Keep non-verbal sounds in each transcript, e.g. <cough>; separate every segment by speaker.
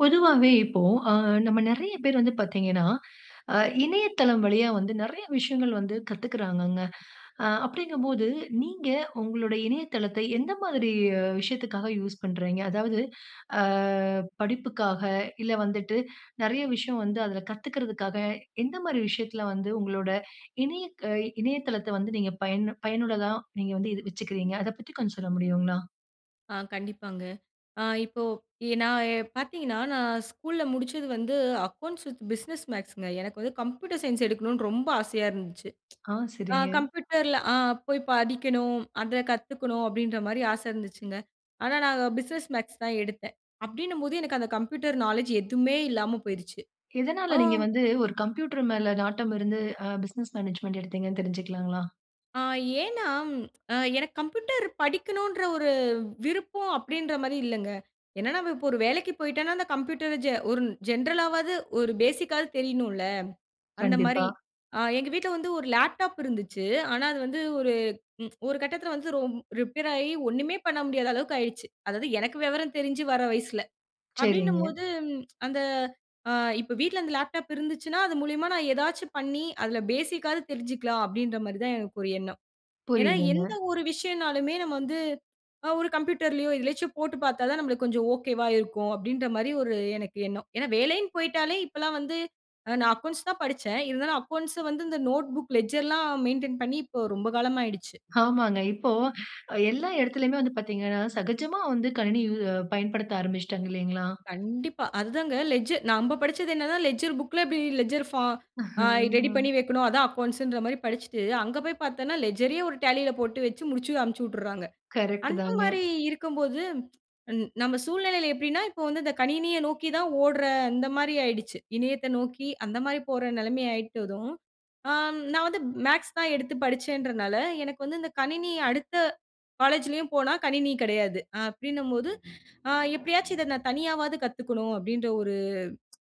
Speaker 1: பொதுவாவே இப்போ ஆ நம்ம நெறைய பேர் வந்து பார்த்தீங்கன்னா, ஆ இணையதளம் வழியா வந்து நெறைய விஷயங்கள் வந்து கத்துக்குறாங்கங்க. ஆ அப்டிங்க போது நீங்க உங்களுடைய இணையதளத்தை எந்த மாதிரி விஷயத்துக்காக யூஸ் பண்றீங்க. அதாவது ஆ படிப்புகாக, இல்ல வந்துட்டு நெறைய விஷயம் வந்து அதுல கத்துக்குறதுக்காக எந்த மாதிரி விஷயத்துல வந்து உங்களோட இணைய இணையதளத்தை வந்து நீங்க பயனு, பயனுள்ளதா நீங்க வந்து வச்சுக்கிறீங்க. அத பத்தி கொஞ்சம் சொல்ல முடியுங்களா?
Speaker 2: ஆ கண்டிப்பாங்க. ஆ இப்போ எ நான் எ பார்த்தீங்கன்னா நான் ஸ்கூல்ல முடிச்சது வந்து "Accounts with Business Maths" ங்க எனக்கு வந்து "Computer Science" எடுக்கணும்னு ரொம்ப ஆசையா இருந்துச்சு.
Speaker 1: ஆ,
Speaker 2: ஆ
Speaker 1: சரிங்க.
Speaker 2: கம்ப்யூட்டர்ல ஆ போய் படிக்கணும் அத கத்துக்கணும் அப்டின்ற மாரி ஆச இருந்துச்சுங்க. ஆனா நான் "Business Maths" தான் எடுத்தேன். அப்டின்னும்போது எனக்கு அந்த "Computer Knowledge" எதுமே இல்லாம போயிருச்சு
Speaker 1: எதனால
Speaker 2: ஆ.
Speaker 1: நீங்க வந்து ஒரு கம்ப்யூட்டர் மேல நாட்டம் இருந்து ஆ "Business Management" எடுத்தீங்கன்னு தெரிஞ்சுக்கலாங்களா?
Speaker 2: ஆ. ஏனா எனக்கு "கம்ப்யூட்டர்" படிக்கணும்ன்ற ஒரு விருப்பம் அப்டின்ற மாரி இல்லங்க. என்ன நம்ப இப்போ ஒரு வேலைக்கு போயிட்டோன்னா அந்த கம்ப்யூட்டர ஜெ ஒரு ஜென்ரலாவது ஒரு பேசிக்காது தெரியனுல. அந்த
Speaker 1: கண்டிப்பா.
Speaker 2: மாரி ஆ எங்க வீட்ல வந்து ஒரு லேப்டாப் இருந்துச்சு. ஆனா அது வந்து ஒரு ஒரு கட்டத்துல வந்து ரிப்பேராயி ஒண்ணுமே பண்ண முடியாத அளவுக்கு ஆயிருச்சு. அதாவது எனக்கு விவரம் தெரிஞ்சு வர வயசுல. அப்டின்னும்
Speaker 1: சரிங்க.
Speaker 2: போது அந்த ஆ இப்ப வீட்ல அந்த லேப்டாப் இருந்துச்சுன்னா, அது மூலியமா நான் ஏதாச்சு பண்ணி அதுல பேசிக்காது தெரிஞ்சுக்கலாம் அப்டின்ற மாரி தான் எனக்கு ஒரு எண்ணம். ஏனா எந்த
Speaker 1: புரியிதுங்க.
Speaker 2: ஒரு விஷயம்ன்னாலுமே நம்ம வந்து அ ஒரு கம்ப்யூட்டர்லயோ, எதிலயாச்சு போட்டு பார்த்தா தான் நம்ளுக்கு கொஞ்சம் ஓகேவா இருக்கும். அப்டின்ற மாரி எனக்கு ஒரு எண்ணம். ஏனா, வேலைன் போயிட்டாலே இப்பொல்லாம் வந்து அ நான் அக்கவுண்ட்ஸ் தான் படிச்சேன். இருந்தாலும் அக்கவுண்ட்ஸ வந்து இந்த நோட்புக் லெட்ஜர்லாம் மெயின்டென் பண்ணி இப்போ ரொம்ப காலமாயிடுச்சு.
Speaker 1: ஆமாங்க. இப்போ எல்லா இடத்துலையுமே வந்து பார்த்தீங்கன்னா, சகஜமா வந்து கணினி யூ பயன்படுத்த ஆரம்பிச்சுட்டாங்க இல்லைங்களா?
Speaker 2: கண்டிப்பா. அதுதாங்க லெட்ஜர் நம்ப படிச்சது என்னன்னா லெட்ஜர் புக்குல பி எப்டி லெட்ஜர் ஃபார்ம் ஆ
Speaker 1: <chuckles>
Speaker 2: ரெடி
Speaker 1: ம்.
Speaker 2: பண்ணி வைக்கணும் அதுதான் அக்கவுண்ட்ஸ்ன்ற மாரி படிச்சுட்டு. அங்க போய் பார்த்தன்னா லெட்ஜரயே ஒரு டேலியில போட்டு வச்சு முடிச்சு அனும்ச்சிட்டுறாங்க.
Speaker 1: கரெக்ட்
Speaker 2: அந்த
Speaker 1: தாங்க.
Speaker 2: மாரி இருக்கும்போது நம்ம சூழ்நிலையில எப்டின்னா இப்போ வந்து இந்த கணினிய நோக்கி தான் ஓடுற அந்த மாரி ஆயிடுச்சு. இணையத்த நோக்கி அந்த மாரி போற நெலைமை ஆயிட்டதும். ஆ நான் வந்து மேத்ஸ் தான் எடுத்து படிச்சேன்றதனால எனக்கு வந்து இந்த கணினி அடுத்த காலேஜ்லேயும் போனா கணினி கிடையாது அப்டின்னும் போது ஆ எப்டியாச்சு இத நான் தனியாவது கத்துக்கணும் அப்டின்ற ஒரு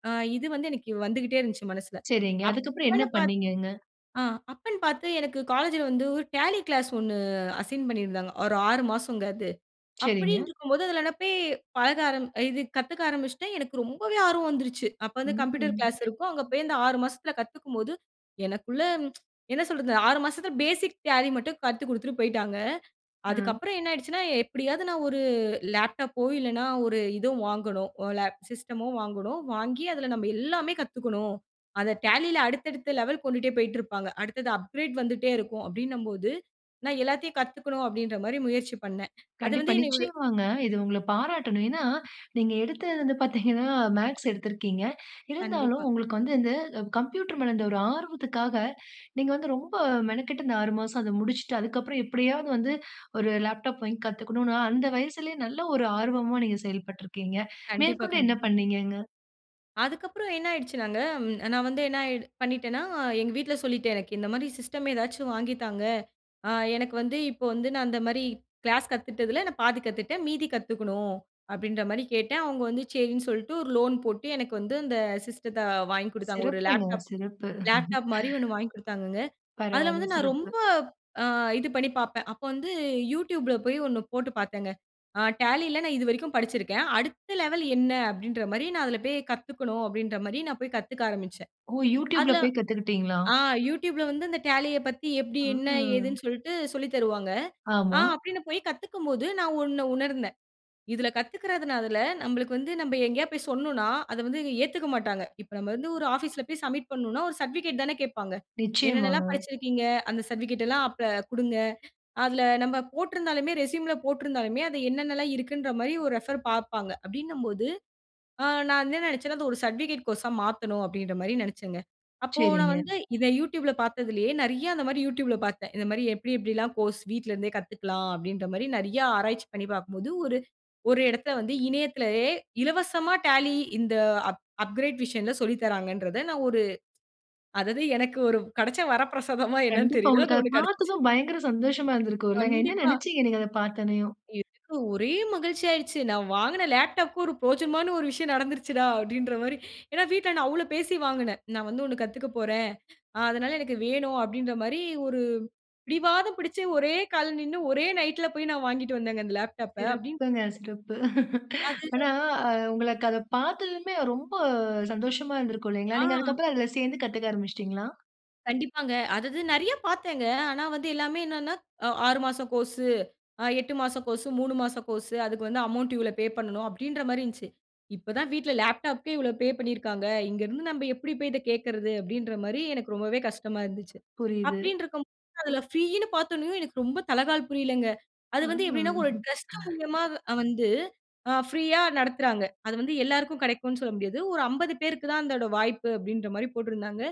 Speaker 2: ஆ இது வந்து எனக்கு வந்துக்குட்டே இருந்துச்சு மனசுல.
Speaker 1: சரிங்க. அதுக்கப்புறம் என்ன
Speaker 2: அப்பன்னு பாத்
Speaker 1: பண்ணீங்கங்க?
Speaker 2: அ அப்பன்னு பார்த்து எனக்கு காலேஜ்ல வந்து ஒரு டாலி கிளாஸ் 1 அசைன் பண்ணியிருந்தாங்க. ஒரு 6 மாசம்ங்க அது.
Speaker 1: சரிங்க.
Speaker 2: அப்டின்று இருக்கும்போது அதுல போய் பழக ஆரம் இது கத்துக்க ஆரம்பிச்சுட்டேன் எனக்கு ரொம்பவே ஆர்வம் வந்துருச்சு. அப்ப வந்து கம்ப்யூட்டர்
Speaker 1: ம்.
Speaker 2: கிளாஸ் இருக்கும். அங்க போய் அந்த 6 மாசத்துல கத்துக்கும் போது, எனக்குள்ள என்ன சொல்றது 6 மாசத்துல பேசிக் டேலி மட்டும் கத்துக்குடுத்துட்டு போயிட்டாங்க. அதுக்கு
Speaker 1: அ.
Speaker 2: அப்பறம் என்ன ஆயிடுச்சுன்னா எப்டியாவது நான் ஒரு லேப்டாப்போ, இல்லன்னா ஒரு இதுதோ வாங்கனும் ல சிஸ்ட்டமோ வாங்கனும். வாங்கி அதுல நம்ப எல்லாமே கத்துக்கணும். அத டேலில அடுத்த, அடுத்த லெவல் கொண்டுட்டே போயிட்டு இருப்பாங்க. அடுத்தது அப்கிரேட் வந்துட்டே இருக்கும் அப்டின்னம் போது நான் எல்லாத்தையும் கத்துக்கணும் அப்டின்ற மாரி முயற்சி பண்னே. அது
Speaker 1: கண்டிப்பா.
Speaker 2: வந்து என்னை இவ்ளோ
Speaker 1: நிச்சயமாங்க. இது உங்கள பாராட்டணும். ஏனா நீங்க எடுத்தது வந்து பார்த்தீங்கன்னா, மேத்ஸ் எடுத்திருக்கீங்க. இருந்தாலும்
Speaker 2: கண்டிப்பா.
Speaker 1: உங்களுக்கு வந்து இந்த கம்ப்யூட்டர் மேல இருந்த ஒரு ஆர்வத்துக்காக நீங்க வந்து ரொம்ப மெனக்கட்டு இந்த 6 மாசம் அத முடிச்சுட்டு அதுக்கு அப்புறம் எப்டியாவது வந்து ஒரு லேப்டாப் வாங்கி கத்துக்கணும்னு அந்த வயசுலேயே நல்ல ஒரு ஆர்வமா நீங்க செயல்பட்டுருக்கீங்க.
Speaker 2: கண்டிப்பா,
Speaker 1: மேற்கொண்டு என்ன
Speaker 2: கண்டிப்பாங்க.
Speaker 1: பண்ணீங்கங்க.
Speaker 2: அதுக்கப்பறம் என்ன ஆயிடுச்சுனாங்க, ம். நான் வந்து என்ன ஆயி பண்ணிட்டேனா, எங்க வீட்ல சொல்லிட்டேன். "எனக்கு இந்த மாரி சிஸ்டம், ஏதாச்சும் வாங்கி தாங்க. அ எனக்கு வந்து இப்போ வந்து நான் அந்த மாரி கிளாஸ் கத்துட்டதில நான் பாதி கத்துட்டேன், மீதி கத்துக்கணும்." அப்படீன்ற மாரி கேட்டேன். அவங்க வந்து சரின்னு சொல்லிட்டு, ஒரு லோன் போட்டு எனக்கு வந்து அந்த சிஸ்டத்த அ வாங்கிக் குடுத்தாங்க. ஒரு
Speaker 1: சிறப்புங்க,
Speaker 2: லேப்டாப்
Speaker 1: சிறப்பு.
Speaker 2: லேப்டாப் மாரி ஒண்ணு
Speaker 1: <laughs>
Speaker 2: வாங்கி குடுத்தாங்கங்க. அதில
Speaker 1: பரவால்ல
Speaker 2: வந்து நான்
Speaker 1: சிறப்பு.
Speaker 2: ரொம்ப, அ இது பண்ணி பார்ப்பேன். அப்போ வந்து YouTubeல போய் ஒண்ணு போட்டு பார்த்தேங்க. ஆ டேலில நான் இது வரைக்கும் படிச்சிருக்கேன். "அடுத்த லெவல் என்ன? அப்படீன்ற மாரி, நான் அதில போய் கத்துக்கணும்." அப்படீன்ற மாரி நான் போய் கத்துக்க ஆரம்பிச்சேன்.
Speaker 1: ஓ! YouTubeல
Speaker 2: அதில
Speaker 1: போய் கத்துக்கிட்டீங்களா?
Speaker 2: ஆ! YouTubeல வந்து இந்த டேலிய பத்தி எப்படி? என்ன?
Speaker 1: ஆ!
Speaker 2: ஏதுன்னு? சொல்ட்டு சொல்லி தருவாங்க. ஆ!
Speaker 1: ஆமா.
Speaker 2: அப்படீன்னு போய் கத்துக்கும் போது, நான் ஒண்ண உணர்ந்தேன். இதில கத்துக்கிறதுனால, நம்பளுக்கு வந்து நம்ப எங்கேயாவது போய் சொன்னோம்னா, அத வந்து ஏத்துக்க மாட்டாங்க. இப்ப நம்ப வந்து ஒரு ஆஃபீஸ்ல போய் சப்மிட் பண்ணணுனா, ஒரு சர்ட்டிபிகேட் தான கேட்பாங்க.
Speaker 1: நிச்சயமாங்க.
Speaker 2: "என்னென்னலாம் படிச்சிருக்கீங்க? அந்த சர்டிஃபிகேட்டல்லாம் அப்ப குடுங்க." அதில நம்ப போட்டிருந்தாலுமே ரெஸ்யூமில போட்டிருந்தாலுமே, அது என்னென்னலாம் இருக்குன்ற மாரி ஒரு ரெஃபர் பார்ப்பாங்க. அப்படீன்னும் போது, ஆ நான் என்ன நெனைச்சேன்னா, "அதை ஒரு சர்டிபிகேட் கோர்ஸா மாத்தணும்." அப்படீன்ற மாரி நெனைச்சேங்க. அப்போ நான்
Speaker 1: சரிங்க.
Speaker 2: வந்து இதை YouTubeல பார்த்ததிலேயே நெறைய அந்த மாரி YouTubeல பார்த்தேன். இத மாரி, "எப்படி, எப்படில்லாம் கோர்ஸ் வீட்லருந்தே கத்துக்கலாம்?" அப்படீன்ற மாரி நெறைய ஆராய்ச்சி பண்ணி பார்க்கும்போது, ஒரு ஒரு இடத்த வந்து இணையத்திலயே இலவசமா டாலி இந்த அப் அப்கிரேட் வர்ஷன்ல சொல்லி தர்றாங்கன்றத நான் ஒரு அதாவது எனக்கு ஒரு கெடைச்ச வரப்பிரசாதமா என்னன்னு
Speaker 1: கண்டிப்பா,
Speaker 2: தெரியல.
Speaker 1: உங்களுக்கு
Speaker 2: அது
Speaker 1: அதை
Speaker 2: ஒண்ணு கெடைச்சுச்சு.
Speaker 1: பார்த்ததும் பயங்கர சந்தோஷமா இருந்திருக்கும்ல்லங்க. என்ன
Speaker 2: கண்டிப்பா.
Speaker 1: நெனைச்சீங்க நீங்க அதை பார்த்தோனேயும்?
Speaker 2: எனக்கு ஒரே மகிழ்ச்சி ஆயிடுச்சு. "நான் வாங்கின லேப்டாப்க்கும் ஒரு பிரோஜனமான ஒரு விஷயம் நடந்துருச்சுடா!" அப்படீன்ற மாரி. ஏன்னா, வீட்ல நான் அவ்வளோ பேசி வாங்குனேன். "நான் வந்து ஒண்ணு கத்துக்க போறேன். அ அதனால எனக்கு வேணும்." அப்படீன்ற மாரி, ஒரு பிடிவாதம் பிடிச்சு ஒரே கால்ல நின்னு ஒரே நைட்ல போய் நான் வாங்கிட்டு வந்தேங்க அந்த லேப்டாப்ப. அப்படீன்னு
Speaker 1: சிறப்புங்க, சிறப்பு. <laughs>
Speaker 2: அது
Speaker 1: ஆனா, அ உங்களக்கு அதை பார்த்ததுமே ரொம்ப சந்தோஷமா இருந்திருக்கும் இல்லைங்களா?
Speaker 2: ஆ.
Speaker 1: நீங்க அதுக்கப்பறம் அதில சேர்ந்து, கத்துக்க ஆரம்பிச்சுட்டீங்களா?
Speaker 2: கண்டிப்பாங்க. அதாவது நிறையா பார்த்தேங்க. ஆனா வந்து எல்லாமே என்னன்ன, அ 6 மாச கோர்ஸு, அ 8 மாச கோர்ஸு, 3 மாச கோர்ஸு. அதுக்கு வந்து அமௌவுண்ட் இவ்வளோ பே பண்ணணும், அப்பிடின்றமாரி இருந்துச்சு. "இப்ப தான் வீட்ல லேப்டாப்க்கே இவ்வளோ பே பண்ணியிருக்காங்க. இங்க இருந்து நம்ப எப்பிடி போய் இத கேட்கிறது?" அப்பிடின்றமாரி எனக்கு ரொம்பவே கஷ்டமா இருந்துச்சு.
Speaker 1: புரியுது.
Speaker 2: அப்பிடின்டிருக்கும்போது அதில ப்ரீன்னு பார்த்தவுடனயே எனக்கு ரொம்ப தலகால் புரியலங்க.
Speaker 1: அ,
Speaker 2: அது வந்து எப்பிடின்னா, ஒரு
Speaker 1: ஆ.
Speaker 2: டிரஸ்ட் மூலியமா அ வந்து அ ப்ரீயா நடத்துறாங்க. அது வந்து எல்லாருக்கும் கிடைக்கும்னு சொல்ல முடியாது. ஒரு 50 பேருக்கு தான், அதோட வாய்ப்பு, அப்பிடின்றமாரி போட்டிருந்தாங்க.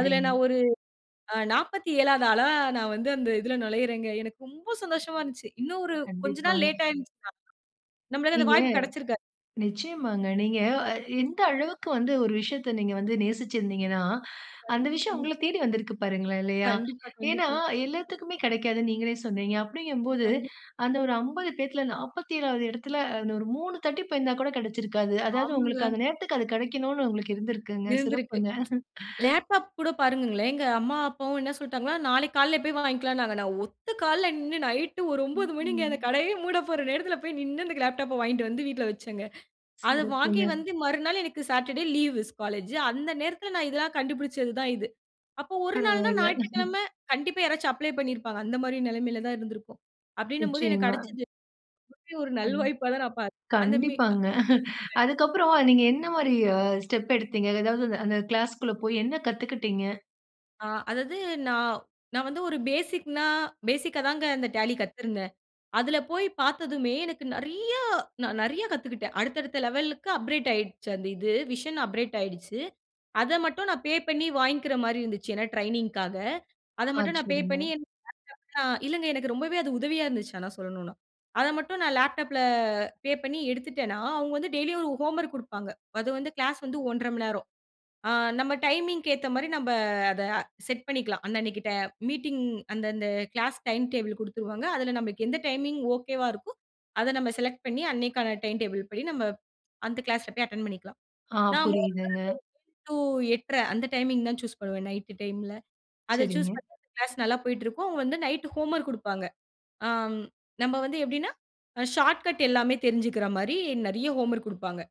Speaker 2: அதில நான் ஒரு அ 47ஆவது ஆளா நான் வந்து அந்த இதில நுழையிறேங்க. எனக்கு ரொம்ப சந்தோஷமா இருந்துச்சு. இன்னும் ஒரு கொஞ்ச நாள்
Speaker 1: கண்டிப்பாங்க.
Speaker 2: லேட் ஆயிருந்துச்சுன்னா, நம்மள அந்த
Speaker 1: நீங்க
Speaker 2: வாய்ப்பு கிடைச்சிருக்காது.
Speaker 1: நிச்சயமாங்க. நீங்க அ எந்த அளவுக்கு வந்து ஒரு விஷயத்த நீங்க வந்து நேசிச்சு இருந்தீங்கன்னா, அந்த விஷயம்
Speaker 2: கண்டிப்பாங்க.
Speaker 1: உங்கள தேடி வந்திருக்கு பாருங்களேன், இல்லயா!
Speaker 2: கண்டிப்பா,
Speaker 1: ஏன்னா,
Speaker 2: கண்டிப்பா.
Speaker 1: எல்லாத்துக்குமே கிடைக்காதுன்னு நீங்களே சொன்னீங்க. அப்பிடிங்கும்போது
Speaker 2: கண்டிப்
Speaker 1: அந்த ஒரு 50 பேர்த்துல 47ஆவது இடத்தில இன்னும் ஒரு 3 தட்டி போயிருந்தா கூட கிடைச்சிருக்காது. அதாவது உங்களுக்கு
Speaker 2: ஆமாங்க.
Speaker 1: அந்த நேரத்திற்கு அது கிடைக்கணும்னு உங்களுக்கு இருந்திருக்குங்க.
Speaker 2: இருந்திருக்கு.
Speaker 1: சிறப்புங்க. <chuckles>
Speaker 2: லேப்டாப் கூட பாருங்கங்களேன், எங்க அம்மா, அப்பாவும் என்ன சொல்லிட்டாங்கன்னா, நாளைக்கு காலைல்ல போய் வாங்கிக்கலாம்னாங்க. நான் ஒத்த கால்ல நின்னு ,நைட் ஒரு 9
Speaker 1: ம்,
Speaker 2: மணிங்க. அந்த
Speaker 1: ம்.
Speaker 2: கடையே மூட போற நேரத்தில போய் நின்னு அந்த லேப்டாப்ப வாங்கிட்டு வந்து வீட்ல வச்சேங்க. அத வாங்கி
Speaker 1: சிறப்புங்க.
Speaker 2: வந்து மறுநாள் எனக்கு சாட்டர் டே லீவ் ஸ் காலேஜு. அந்த நேரத்தில நான் இதெல்லாம் கண்டுபிடிச்சது தான் இது. அப்போ ஒரு நாள்னா,
Speaker 1: பரவால்ல. <chuckles>
Speaker 2: ஞாயிற்றுக்கிழமை கண்டிப்பா யாராச்சும் அப்ளை பண்ணியிருப்பாங்க. அந்தமாரி நிலைமையில தான் இருந்திருக்கும், அப்பிடின்னும்போது எனக்கு
Speaker 1: நிச்சயமா.
Speaker 2: கிடைச்சது. <unintelligible> ஒரு
Speaker 1: அன்
Speaker 2: நல்வாய்ப்பா தான் நான் பாத் அந்த மே
Speaker 1: கண்டிப்பாங்க. <chuckles>
Speaker 2: <unintelligible>
Speaker 1: அதுக்கப்புறம் நீங்க என்ன மாரி அ ஸ்டெப் எடுத்தீங்க? எதாவது அந்த கிளாஸ்க்குள்ள போய் என்ன கத்துக்கிட்டிங்க?
Speaker 2: ஆ அதாவது நா நான் வந்து ஒரு பேசிக்னா பேஸிக்காதாங்க அந்த Tally கத்துருந்தேன். அதுல போய் பார்த்ததுமே, எனக்கு நெறையா நான் நெறையா கத்துக்கிட்டேன். அடுத்த அடுத்த லெவலுக்கு அப்கிரேட் ஆயிடுச்சு அந்த இது. விஷன் அப்கிரேட் ஆயிடுச்சு. அத மட்டும் நான் பே பண்ணி வாங்கிக்கிற மாரி இருந்துச்சு. ஏன்னா ட்ரெய்னிங்க்காக. அத
Speaker 1: ஆ.
Speaker 2: மட்டும் நான் பே
Speaker 1: சரிங்க.
Speaker 2: பண்ணி, எனக்கு லேப்டாப்லாம் இல்லங்க, எனக்கு ரொம்பவே அது உதவியா இருந்துச்சு, ஆனா சொல்லணும்னா. அத மட்டும் நான் லேப்டாப்ல பே பண்ணி எடுத்துட்டேனா, அவுங்க வந்து டெய்லியும் ஒரு ஹோம்வொர்க் குடுப்பாங்க. அது வந்து கிளாஸ் வந்து 1 1/2 மணி நேரம். ஆ நம்ம டைமிங்க்கு ஏத்த மாரி நம்ப அத செட் பண்ணிக்கலாம். அன்ன அன்னைக்கு ட்ட மீட்டிங் அந்த அந்த கிளாஸ் டைம் டேபிள் குடுத்துருவாங்க. அதுல நம்பளுக்கு எந்த டைமிங் ஓகேவா இருக்கோ, அத நம்ம செலக்ட் பண்ணி, அன்னைக்கான டைம் டேபிள் படி, நம்ம அந்த கிளாஸ்ல போய் அட்டெண்ட் பண்ணிக்கலாம்.
Speaker 1: ஆ.
Speaker 2: நா
Speaker 1: புரியுதுங்க.
Speaker 2: <unintelligible> டூ 8 1/2 அந்த டைமிங் தான் சூஸ் பண்ணுவேன், நைட்டு டைம்ல. அத
Speaker 1: சரிங்க.
Speaker 2: சூஸ் பண்ணி அந்த கிளாஸ் நல்லா போய்ட்ருக்கும். அவுங்க வந்து நைட் ஹோம்வொர்க் குடுப்பாங்க. ஆம். நம்ப வந்து எப்படீன்னா, அ ஷார்ட்கட் எல்லாமே தெரிஞ்சுக்குற மாரி, நெறைய ஹோம்வொர்க் குடுப்பாங்க.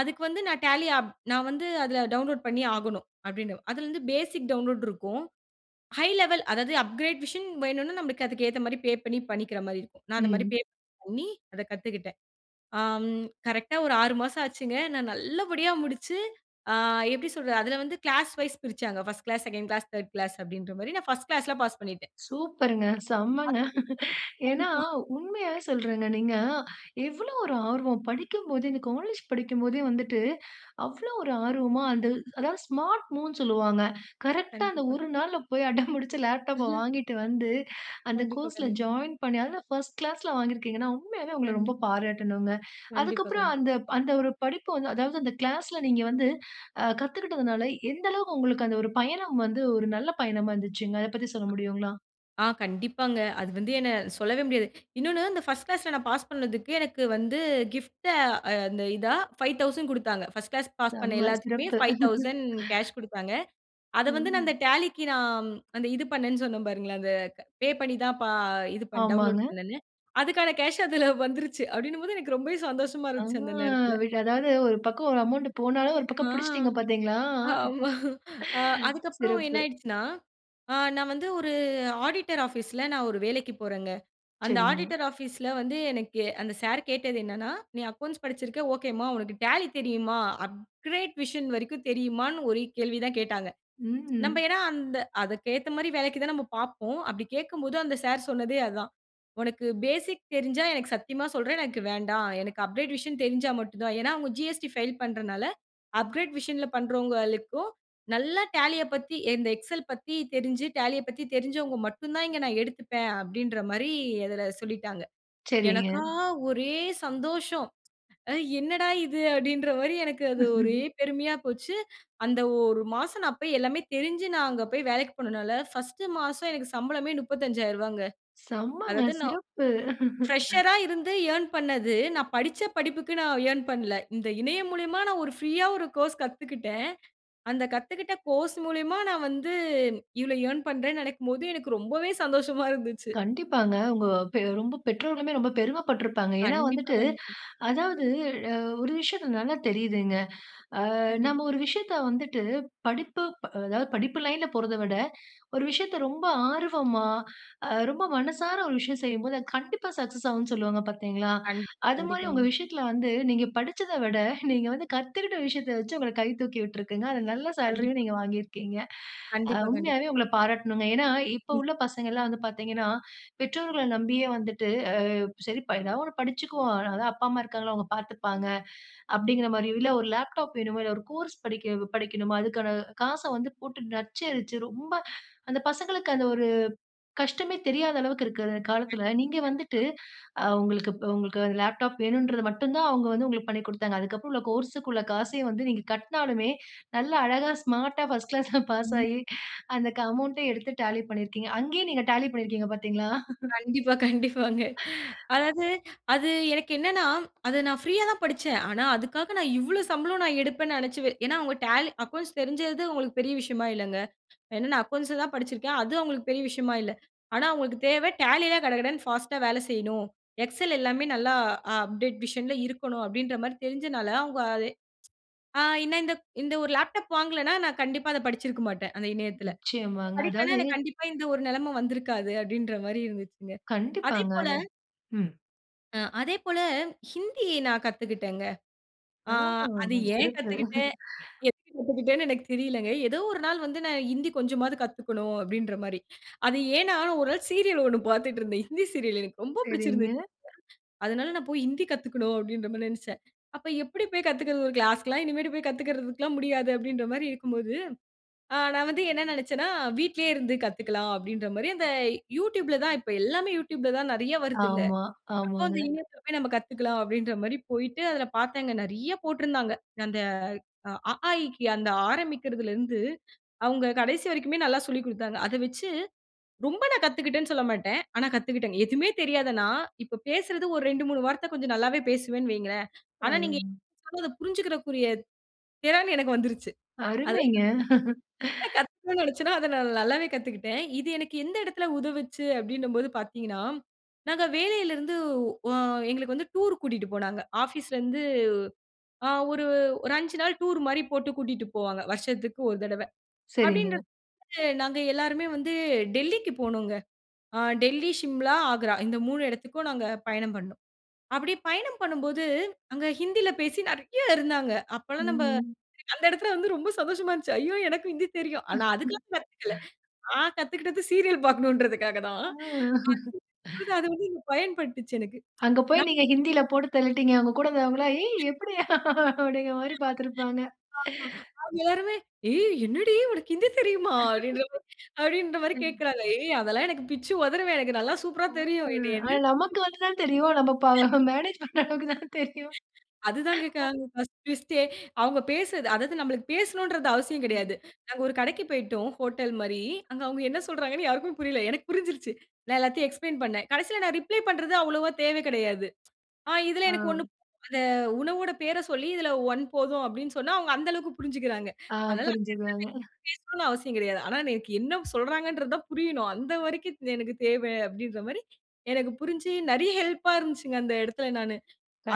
Speaker 2: அதுக்கு வந்து நான் Tally அப் நான் வந்து அதுல டவுன்லோட் பண்ணியே ஆகணும். அப்படீன்னு. அதுலேருந்து பேசிக் டவுன்லோட் இருக்கும். ஹை லெவல் அதாவது, அப்கிரேட் வெர்ஷன் வேணுன்னா, நம்பளுக்கு அதுக்கு ஏத்த மாரி பே பண்ணி, பண்ணிக்கிற மாரி இருக்கும். நான் அந்த மாதிரி
Speaker 1: ம்.
Speaker 2: பே பண்ணி, அத கத்துக்கிட்டேன். ஆம். கரெக்ட்டா ஒரு 6 மாசம் ஆச்சுங்க. நான் நல்லபடியா முடிச்சு, ஆ எப்படி சொல்றது? அதுல வந்து கிளாஸ் வைஸ் பிரிச்சாங்க. 1ட் கிளாஸ், 2ன்ட் கிளாஸ், 3ர்ட் கிளாஸ் அப்படீன்ற மாரி. நான் 1ஸ்ட் கிளாஸ்ல பாஸ் பண்ணிட்டேன்.
Speaker 1: சூப்பர்ங்க.
Speaker 2: அ.
Speaker 1: செம்மங்க. ஏன்னா
Speaker 2: கண்டிப்பா.
Speaker 1: உண்மையாவே சொல்றேங்க. நீங்க எவ்வளவு ஒரு ஆர்வம்? படிக்கும்போதே இந்த காலேஜ் படிக்கும் போதே வந்துட்டு, அவ்வளோ ஒரு ஆர்வமா அந்த அதாவது ஸ்மார்ட் மூவ்ன்னு சொல்லுவாங்க. கரெக்ட்டா அந்த
Speaker 2: கண்டிப்பா.
Speaker 1: ஒரு நாள்ல போய், அடம் புடுச்சு லேப்டாப்ப
Speaker 2: அஹ.
Speaker 1: வாங்கிட்டு வந்து, அந்த
Speaker 2: கண்டிப்பா,
Speaker 1: கோர்ஸ்ல
Speaker 2: கண்டிப்பா.
Speaker 1: ஜாயின் பண்ணி, அதுல 1 கிளாஸ்ல வாங்கி இருக்கீங்கன்னா, உண்மையாவே உங்கள ரொம்ப
Speaker 2: கண்டிப்பா,
Speaker 1: பாராட்டணுங்க.
Speaker 2: கண்டிப்பா,
Speaker 1: அதுக்கப்பறம்
Speaker 2: கண்டிப்பா.
Speaker 1: அந்த அந்த ஒரு படிப்பு வந்து, அதாவது அந்த கிளாஸ்ல நீங்க வந்து அ கத்துக்கிட்டதுனால, எந்த அளவுக்கு உங்களுக்கு அந்த ஒரு பயணம் வந்து ஒரு நல்ல பயணமா இருந்துச்சுங்க? அத பத்தி சொல்ல முடியுங்களா?
Speaker 2: ஆ கண்டிப்பாங்க. அது வந்து என்ன? சொல்லவே முடியாது. இன்னொன்னு இந்த 1 ஸ்ட் கிளாஸ்ல நான் பாஸ் பண்ணதுக்கு எனக்கு வந்து கிஃப்ட்டா அந்த இதா, 5,000 குடுத்தாங்க. பர்ஸ்ட் கிளாஸ் பாஸ் பண்ண
Speaker 1: செம்ம
Speaker 2: எல்லாத்துக்குமே
Speaker 1: சிறப்பு.
Speaker 2: 5,000 கேஷ்
Speaker 1: <laughs>
Speaker 2: குடுத்தாங்க. அத வந்து நான் அந்த
Speaker 1: ம்.
Speaker 2: Tallyக்கு நான், அந்த இது பண்ணேன்னு சொன்னேன் பாருங்களேன். அந்த க பே பண்ணி தான் ப இது பண் டவுன்லோட்
Speaker 1: ஆமாங்க.
Speaker 2: பண்ணேன்னு. அதுக்கான கேஷ் அதுல வந்துருச்சு. அப்படீன்னும்போது, எனக்கு ரொம்பவே சந்தோஷமா
Speaker 1: அ.
Speaker 2: இருந்துச்சு அந்த நேரத்துல.
Speaker 1: விடாது. அதாவது ஒரு பக்கம் ஒரு அமவுண்ட் போனாலும், ஒரு
Speaker 2: ஆ
Speaker 1: பக்கம் புடிச்சிட்டீங்க பார்த்தீங்களா?
Speaker 2: ஆமா. அ
Speaker 1: <laughs>
Speaker 2: அதுக்கப்புறம் என்ன
Speaker 1: சிறப்பு.
Speaker 2: ஆயிடுச்சுன்னா, அ நான் வந்து ஒரு ஆடிட்டர் ஆஃபீஸ்ல நான் ஒரு வேலைக்குப் போறேங்க. அந்த
Speaker 1: சரிங்க.
Speaker 2: ஆடிட்டர் ஆஃபீஸ்ல வந்து எனக்கு அந்த சார் கேட்டது என்னென்னா, நீ அக்கவுண்ட்ஸ் படிச்சிருக்க ஓகேம்மா. உனக்கு Tally தெரியுமா? அப்கிரேட் வெர்ஷன் வரைக்கும் தெரியுமான்னு, ஒரே கேள்விதான் கேட்டாங்க. நம்ப
Speaker 1: ம்.
Speaker 2: ஏன்னா அந்த அதுக்கு ஏத்த மாரி வேலைக்கு தான் நம்ப பார்ப்போம். அப்படி கேட்கும்போது அந்த சார் சொன்னதே அதான். "உனக்கு பேசிக் தெரிஞ்சா, எனக்கு சத்தியமா சொல்றேன், எனக்கு வேண்டாம். எனக்கு அப்கிரேட் வெர்ஷன் தெரிஞ்சா மட்டும் தான்." ஏன்னா அவுங்க ஜி.எஸ்.டி. ஃபைல் பண்றதுனால, "அப்கிரேட் வெர்ஷன்ல பண்ணுறவங்களுக்கும், நல்லா Tallyய பத்தி, இந்த எக்ஸெல் பத்தி தெரிஞ்சு, Tallyய பத்தி தெரிஞ்சவங்க மட்டும் தான் இங்கு நான் எடுத்துப்பேன்." அப்படீன்ற மாரி அதுல சொல்லிட்டாங்க.
Speaker 1: சரிங்க.
Speaker 2: எனக்கா ஒரே சந்தோஷம். "அ என்னடா இது?" அப்படீன்ற மாரி எனக்கு அது ஒரே
Speaker 1: <laughs>
Speaker 2: பெருமையா போச்சு. அந்த 1 மாசம் நான் போய் எல்லாமே தெரிஞ்சு, நான் அங்க போய் வேலைக்கு போனதுனால, 1 ஸ்ட் மாசம் எனக்கு சம்பளமே ரூ. 35,000ங்க.
Speaker 1: செம்மங்க.
Speaker 2: அதாவது, நான்
Speaker 1: சிறப்பு.
Speaker 2: ஃபிரஷரா
Speaker 1: <laughs>
Speaker 2: இருந்து ஏர்ன் பண்ணது, நான் படிச்ச படிப்புக்கு நான் எர்ன் பண்ணல. இந்த இணையம் மூலியமா நான் ஒரு ப்ரீயா ஒரு கோர்ஸ் கத்துக்கிட்டேன். அந்த கத்துக்கிட்ட கோர்ஸ் மூலியமா, நான் வந்து இவ்வளவு எர்ன் பண்றேன்னு நெனைக்கும்போது, எனக்கு ரொம்பவே சந்தோஷமா இருந்துச்சு.
Speaker 1: கண்டிப்பாங்க. உங்க பெ ரொம்ப பெற்றோர்களுமே ரொம்ப பெருமை பட்ருப்பாங்க. ஏன்னா
Speaker 2: கண்டிப்பா,
Speaker 1: வந்துட்டு,
Speaker 2: கண்டிப்பா.
Speaker 1: அதாவது அ ஒரு விஷயத்த நல்லா தெரியுதுங்க. ஆ
Speaker 2: கண்டிப்பா.
Speaker 1: நம்ம ஒரு விஷயத்த வந்துட்டு, படிப்பு ப அதாவது படிப்பு லைன்ல போறத விட, ஒரு விஷயத்த ரொம்ப ஆர்வமா, அ ரொம்ப மனசார ஒரு விஷயம் செய்யும் போது, அது கண்டிப்பா சக்சஸ் ஆகும்னு சொல்லுவாங்க பார்த்தீங்களா?
Speaker 2: கண்டிப்பா,
Speaker 1: அது மாரி உங்க
Speaker 2: கண்டிப்பாங்க.
Speaker 1: விஷயத்துல வந்து நீங்க படிச்சத விட, <chuckles> நீங்க வந்து கத்துக்கிட்ட விஷயத்த வச்சு உங்கள கை தூக்கி விட்ருக்குங்க. அதுல நல்ல சேலரியும்
Speaker 2: கண்டிப்பா.
Speaker 1: நீங்க வாங்கியிருக்கீங்க. அ
Speaker 2: கண்டிப்பா, கண்டிப்பா.
Speaker 1: உண்மையாவே உங்கள பாராட்டணுங்க. ஏன்னா இப்ப
Speaker 2: ம்.
Speaker 1: உள்ள பசங்கள்லாம் வந்து பார்த்தீங்கன்னா, பெற்றோர்கள நம்பியே வந்துட்டு, "அ சரி ப ஏதாவது ஒண்ணு படிச்சுகுவோம். அ அதான் அப்பா, அம்மா இருக்காங்கல்ல. அவுங்க பார்த்துப்பாங்க." அப்படீங்ற மாரியோ, இல்ல ஒரு லேப்டாப் வேணுமா? இல்ல ஒரு கோர்ஸ் படிக்க படிக்கணுமா? அதுக்கான காச வந்து போட்டு நச்சரிச்சு, ரொம்ப அந்த பசங்களுக்கு அது ஒரு கஷ்டமே தெரியாத அளவுக்கு இருக்குற
Speaker 2: <unintelligible>
Speaker 1: காலத்துல, நீங்க வந்துட்டு
Speaker 2: கண்டிப்பா.
Speaker 1: அ உங்களுக்கு உங்களுக்கு, லேப்டாப் வேணுன்றத மட்டும் தான் அவுங்க வந்து உங்களுக்கு பண்ணிக் குடுத்தாங்க. அதுக்கப்பறம் உள்ள கோர்ஸ்க்கு உள்ள காசயும் வந்து நீங்க கட்டினாலுமே, நல்ல அழகா ஸ்மார்ட்டா 1 கிளாஸ்ல பாஸ்
Speaker 2: ம்.
Speaker 1: ஆயி, அந்த க அமவுண்ட்ட எடுத்து Tally பண்ணியிருக்கீங்க. அங்கேயே நீங்க Tally பண்ணிருக்கீங்க பார்த்தீங்ளா? <chuckles>
Speaker 2: கண்டிப்பா, கண்டிப்பாங்க.
Speaker 1: <laughs>
Speaker 2: அதாவது, அது எனக்கு என்னென்னா, அத நான் ஃப்ரீயா தான் படிச்சேன். ஆனா அதுக்காக நான் இவ்வளோ சம்பளம் நான் எடுப்பேன்னு நெனச்சு வே ஏன்னா, அவங்க டேலி அக்கவுண்ட்ஸ் தெரிஞ்சது, அவுங்களுக்கு பெரிய விஷயமா இல்லைங்க. ஏன்னா நான் அக்கவுண்ட்ஸ தான் படிச்சிருக்கேன். அது அவுங்களுக்கு பெரிய விஷயமா இல்ல. ஆனா அவுங்களுக்கு தேவை, Tallyல கடகடன்னு ஃபாஸ்ட்டா வேலை செய்யணும். எக்ஸெல் எல்லாமே நல்லா அப்டேட் வெர்ஷன்ல இருக்கணும். அப்படீன்ற மாரி தெரிஞ்சனால, அவுங்க அத ஆ ஏன்னா இந்த க் இந்த ஒரு லேப்டாப் வாங்கலன்னா, நான் கண்டிப்பா அத படிச்சிருக்க மாட்டேன். அந்த இணையத்துல.
Speaker 1: நிச்சயமாங்க.
Speaker 2: படிக்கலைன்னா
Speaker 1: அதாவது.
Speaker 2: எனக்கு கண்டிப்பா இந்த ஒரு நெலைம வந்திருக்காது. அப்படீன்ற மாரி இருந்துச்சுங்க. அதே
Speaker 1: கண்டிப்பாங்க,
Speaker 2: போல
Speaker 1: அது ம்.
Speaker 2: அ, அதே போல ஹிந்தி நான் கத்துகிட்டங்க. ஆ,
Speaker 1: ஆ.
Speaker 2: அத ஏன்
Speaker 1: சிறப்பு
Speaker 2: கத்துகிட்டேன்?
Speaker 1: <chuckles>
Speaker 2: எதுக்கு கத்துகிட்டேன்னு எனக்கு தெரியல்லங்க. ஏதோ ஒரு நாள் வந்து நான் "ஹிந்தி கொஞ்சமாது கத்துக்கணும்" அப்டின்ற மாரி அது ஏன்னா ஒரு நாள் சீரியல் ஒண்ணு பாத்துட்டு இருந்தேன். ஹிந்தி சீரியல். எனக்கு ரொம்ப
Speaker 1: சரிங்க.
Speaker 2: புடிச்சிருந்தது <chuckles> அதனால "நான் போயி ஹிந்தி கத்துக்கணும்" அப்டின்ற மாரி நெனைச்சேன். அப்ப எப்டி போயி கத்துக்கறது? ஒரு கிளாஸ்க்குலாம் இனிமேட் போயி` கத்துக்கலாம் முடியாது அப்டின்ற மாரி இருக்கும் போது, அ, நான் வந்து என்ன நெனைச்சேன்னா, "வீட்லே இருந்து கத்துக்கலாம்" அப்டின்ற மாரி அந்த Youtubeல தான் இப்ப எல்லாமே Youtubeல தான் நெறையா வருதுல்ல.
Speaker 1: ஆமா.
Speaker 2: அப்ப அந்த
Speaker 1: ஆமாங்க.
Speaker 2: இணையத்தில போயி நம்ம கத்துக்கலாம் அப்டின்ற மாரி போயிட்டு அதுல பார்த்தேங்க நெறையா போட்டிருந்தாங்க. அந்த "அ, ஆ, ஈக்கி" ஆ அந்த ஆரம்பிக்கிறதில இருந்து அவுங்க கடைசி வரைக்குமே நல்லா சொல்லிக் குடுத்தாங்க. அத வெச்சி ரொம்ப நான் கத்துக்கிட்டேன்னு சொல்ல மாட்டேன். ஆனா, கத்துக்கிட்டேங்க. எதுவுமே தெரியாத நான், இப்ப பேசுறது ஒரு 2 3 வார்த்த கொஞ்சம் நல்லாவே பேசுவேன்னு வெயுங்களேன்.
Speaker 1: ஆ.
Speaker 2: ஆனா, நீங்க என்னா சொன்னாலும் அத புரிஞ்சிக்கக்கூடிய திறன் எனக்கு வந்துருச்சி. அதாவது
Speaker 1: அருமைங்க.
Speaker 2: என்ன
Speaker 1: <chuckles>
Speaker 2: கத்துக்கணும்னு நினைச்சேனோ, அத நான் நல்லாவே கத்துக்கிட்டேன். இது எனக்கு எந்த எடத்தில உதவுச்சி அப்டின்னும் போது பார்த்தீங்கன்னா, நாங்க வேலைல இருந்து, உ அ, எங்களுக்கு வந்து டூர் கூட்டிட்டு போனாங்க. ஆபீஸ்ல இருந்து, அ, ஒரு ஒரு 5 நாள் டூர் மாரி போட்டு கூட்டிட்டு போவாங்க வருஷத்துக்கு ஒரு தடவ. அப்டின்ற
Speaker 1: சரிங்க.
Speaker 2: போது நாங்க எல்லோருமே வந்து டெல்லிக்கு போனோங்க. அ, டெல்லி, சிம்லா, ஆக்ரா இந்த 3 எடத்துக்கும் நாங்க பயணம் பண்ணினோம். அப்டி பயணம் பண்ணும்போது அங்கே ஹிந்தில பேசி நெறையா இருந்தாங்க.
Speaker 1: ம்,
Speaker 2: அப்பல்லாம் நம்ப
Speaker 1: ம்.
Speaker 2: அந்த எடத்தில வந்து ரொம்ப சந்தோஷமா இருந்துச்சி. "ஐயோ! எனக்கும் ஹிந்தி தெரியும்." ஆனா அதுக்கெல்லாம் கத்துக்கல்ல.
Speaker 1: <chuckles>
Speaker 2: நான் கத்துக்கிட்டது சீரியல் பார்க்கணும்ன்றதற்காக
Speaker 1: அ
Speaker 2: தான் <chuckles>
Speaker 1: <chuckles>
Speaker 2: அது வந்து பயன்பட்டுச்சி எனக்கு <tsk>
Speaker 1: அங்க போய்
Speaker 2: நான்
Speaker 1: நீங்க ஹிந்தில போட்டு தள்ளிட்டீங்க. உங்க கூட இருந்தவங்க எல்லாம் "ஏய் எப்படி?" அப்டிங்கிற மாரி பார்த்திருப்பாங்க.
Speaker 2: ஆமா, அவுங்க எல்லாருமே "ஏய் என்னடி உனக்கு ஹிந்தி தெரியுமா?" அப்டின்ற மாரி,
Speaker 1: <laughs>
Speaker 2: அப்டின்ற மாரி
Speaker 1: சரிங்க.
Speaker 2: கேக்கறாங்க. "ஏய் அதெல்லாம் எனக்கு பிச்சி உதருவேன் எனக்கு நல்லா சூப்பர்ரா தெரியும்." என்னைய
Speaker 1: அ
Speaker 2: என்ன நெனைச்சி
Speaker 1: நமக்கு வந்து தான் தெரியும். நம்ம ப மேனேஜ் பண்ற அளவுக்கு தான் தெரியும்.
Speaker 2: அதுதான் கேக்கறாங்க ஃபர்ஸ்ட் ஃபர்ஸ்டே, அவுங்க பேசுறது அதாவது நம்மளுக்கு பேசணும்ன்றது அவசியம்
Speaker 1: ம்.
Speaker 2: கெடையாது. நாங்க ஒரு கடைக்கு போயிட்டோம் ஹோட்டல் மாரி. அங்க அவுங்க என்ன சொல்றாங்கண்ணு யாருக்கும் புரியல்ல. எனக்கு புரிஞ்சிருச்சி. நான் எல்லாத்தையும் எக்ஸ்ப்ளைன் பண்ணேன். கடைசில நான் ரிப்ளை பண்றது அவ்ளவா தேவை கெடையாது <tsk> ஆ, இதுல எனக்கு
Speaker 1: ஆ.
Speaker 2: 1"அந்த உணவோட பேர சொல்லி இதுல 1 போதும்" அப்டின்னு சொன்னா அவுங்க அந்த அளவுக்கு புரிஞ்சிக்கிறாங்க.
Speaker 1: ஆ.
Speaker 2: அதனால
Speaker 1: புரிஞ்சிக்குவாங்க.
Speaker 2: பேசணும்னு அவசியம் கெடையாது. ஆனா, எனக்கு என்ன சொல்றாங்கிறது தான் புரியணும். அந்த வரைக்கும் எனக்கு தேவை அப்டின்ற மாரி எனக்கு புரிஞ்சி நெறைய ஹெல்ப்பா இருந்துச்சுங்க அந்த எடத்தில நானு.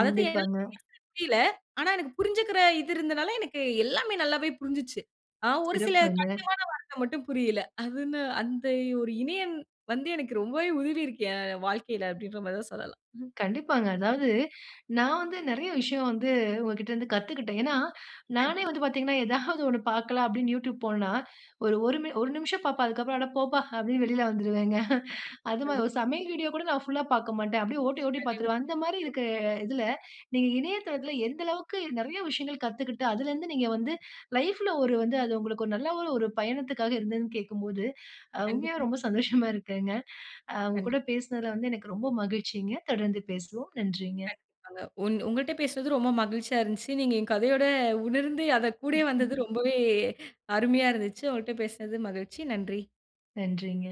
Speaker 2: அத தான் என்னால் <unintelligible> புரியல்ல. ஆனா, எனக்கு புரிஞ்சிக்கிற இது இருந்ததனால, எனக்கு எல்லாமே நல்லாவே புரிஞ்சிச்சி. ஆ, ஒரு சில
Speaker 1: சிறப்புங்க.
Speaker 2: கடினமான வார்த்த மட்டும் புரியல்ல. அது என்ன அந்த ஒரு இணையம் வந்து, எனக்கு ரொம்பவே உதவி இருக்கு என் வாழ்க்கைல. அப்டின்ற மாரி தான் சொல்லலாம். ம்.
Speaker 1: கண்டிப்பாங்க. அதாவது நான் வந்து நெறைய விஷயம் வந்து உங்ககிட்ட இருந்து கத்துக்கிட்டேன். ஏன்னா,
Speaker 2: தாங்க்
Speaker 1: நானே
Speaker 2: யூ.
Speaker 1: வந்து பார்த்தீங்கன்னா ஏதாவது <chuckles> ஒண்ணு பார்க்கலாம் அப்டின்னு Youtube போனன்னா ஒரு ஒரு ஒரு நிமிசம் பார்ப்பேன். அதுக்கு அப்புறம் "அட போப்பா" அப்படின்னு வெளில வந்துடுவேங்க <chuckles> அது மாரி
Speaker 2: <unintelligible>
Speaker 1: ஒரு சமையல் வீடியோ கூட நான் புல்லா பார்க்கமாட்டேன். அப்டியே ஓட்டி ஓட்டி பார்த்துடுவேன். அந்த மாரி
Speaker 2: <unintelligible>
Speaker 1: இருக்கிற இதுல நீங்க இணையதளத்தில எந்த அளவுக்கு நெறைய விஷயங்கள் கத்துக்கிட்டு அதுலருந்து, நீங்க வந்து லைஃப்ல ஒரு வந்து அது உங்களுக்கு ஒரு நல்ல ஒரு ஒரு பயணத்துக்காக இருந்ததுனு கேக்கும்போது, உண்மையா
Speaker 2: கண்டிப்பா.
Speaker 1: ரொம்ப சந்தோஷமா இருக்குங்க. அ, உங்க
Speaker 2: கண்டிப்பா.
Speaker 1: கூட பேசினதில வந்து எனக்கு ரொம்ப மகிழ்ச்சிங்க தொடர்ந்து பேசுவோம். நன்றிங்க.
Speaker 2: கண்டிப்பாங்க. ஒங் ஒங்கட்ட பேசினது ரொம்ப மகிழ்ச்சியா இருந்துச்சி. நீங்க என் கதையோட உணர்ந்து அத கூடயே வந்தது
Speaker 1: <snorts>
Speaker 2: ரொம்பவே அருமையா இருந்துச்சி. உங்கள்ட்ட பேசினது மகிழ்ச்சி. நன்றி.
Speaker 1: நன்றிங்க.